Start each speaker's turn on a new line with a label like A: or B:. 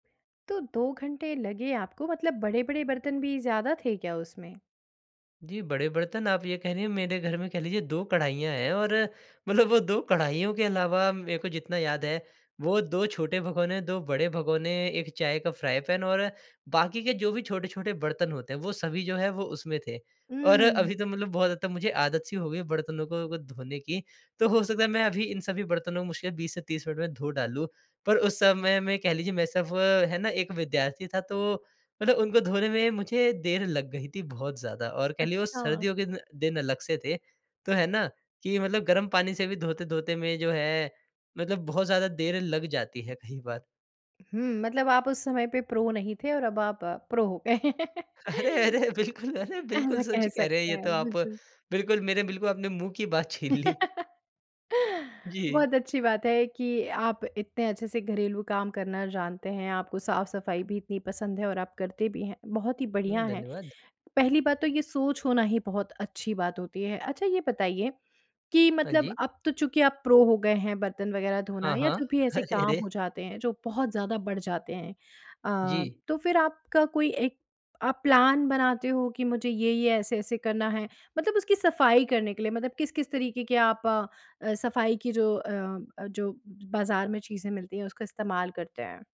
A: तो 2 घंटे लगे आपको मतलब बड़े-बड़े बर्तन भी ज़्यादा थे क्या उसमें?
B: जी, बड़े बर्तन आप ये कह रहीं, मेरे घर में कह लीजिए 2 कढ़ाइयाँ हैं और मतलब वो 2 कढ़ाइयों के अलावा मैं को जितना याद है, वो 2 छोटे भगोने, 2 बड़े भगोने, 1 चाय का फ्राई पैन और बाकी के जो भी छोटे-छोटे बर्तन होते हैं वो सभी जो है वो उसमें थे और
A: हुँ।
B: अभी तो मतलब बहुत हद तक मुझे आदत-सी हो गई बर्तनों को धोने की तो हो सकता है मैं अभी इन सभी बर्तनों को मुश्किल 20 से 30 मिनट में धो डालूँ। पर उस समय में कह लीजिए मैं सिर्फ़ है ना एक विद्यार्थी था तो मतलब उनको धोने में मुझे देर लग गई थी बहुत ज़्यादा और कह लिए वो
A: अच्छा।
B: सर्दियों के ना दिन अलग से थे तो है ना, कि मतलब गर्म पानी से भी धोते-धोते में जो है, मतलब बहुत ज़्यादा देर लग जाती है कई बार।
A: हुँ, मतलब आप उस समय पे प्रो नहीं थे और अब आप प्रो हो गए।
B: अरे, अरे, बिल्कुल! अरे, बिल्कुल
A: ऐसा
B: सच
A: कह
B: कह रहे है
A: सकते
B: ये तो
A: हैं,
B: आप,
A: बिल्कुल।
B: बिल्कुल मेरे बिल्कुल आपने मुँह की बात छीन ली। जी।
A: बहुत अच्छी बात है कि, आप इतने अच्छे से घरेलू काम करना जानते हैं, आपको साफ़-सफ़ाई भी इतनी पसंद है और आप करते भी हैं बहुत ही बढ़िया
B: उम,
A: है।
B: धन्यवाद।
A: पहली बात तो ये सोच होना ही बहुत अच्छी बात होती है। अच्छा, ये बताइए कि
B: हाँ
A: मतलब
B: जी।
A: अब तो चूँकि आप प्रो हो गए हैं, बर्तन वग़ैरह धोना
B: हाँ,
A: या
B: हाँ।
A: जो भी ऐसे
B: अरे,
A: काम
B: रे!
A: हो जाते हैं, जो बहुत ज़्यादा बढ़ जाते हैं अ,
B: जी।
A: तो फिर आपका कोई एक आप प्लान बनाते हो कि मुझे ये, ये ऐसे, ऐसे करना है मतलब उसकी सफ़ाई करने के लिए मतलब किस-किस तरीके के आप अ अ, सफ़ाई की जो अ अ, जो बाजार में चीज़ें मिलती हैं, उसका इस्तेमाल करते हैं?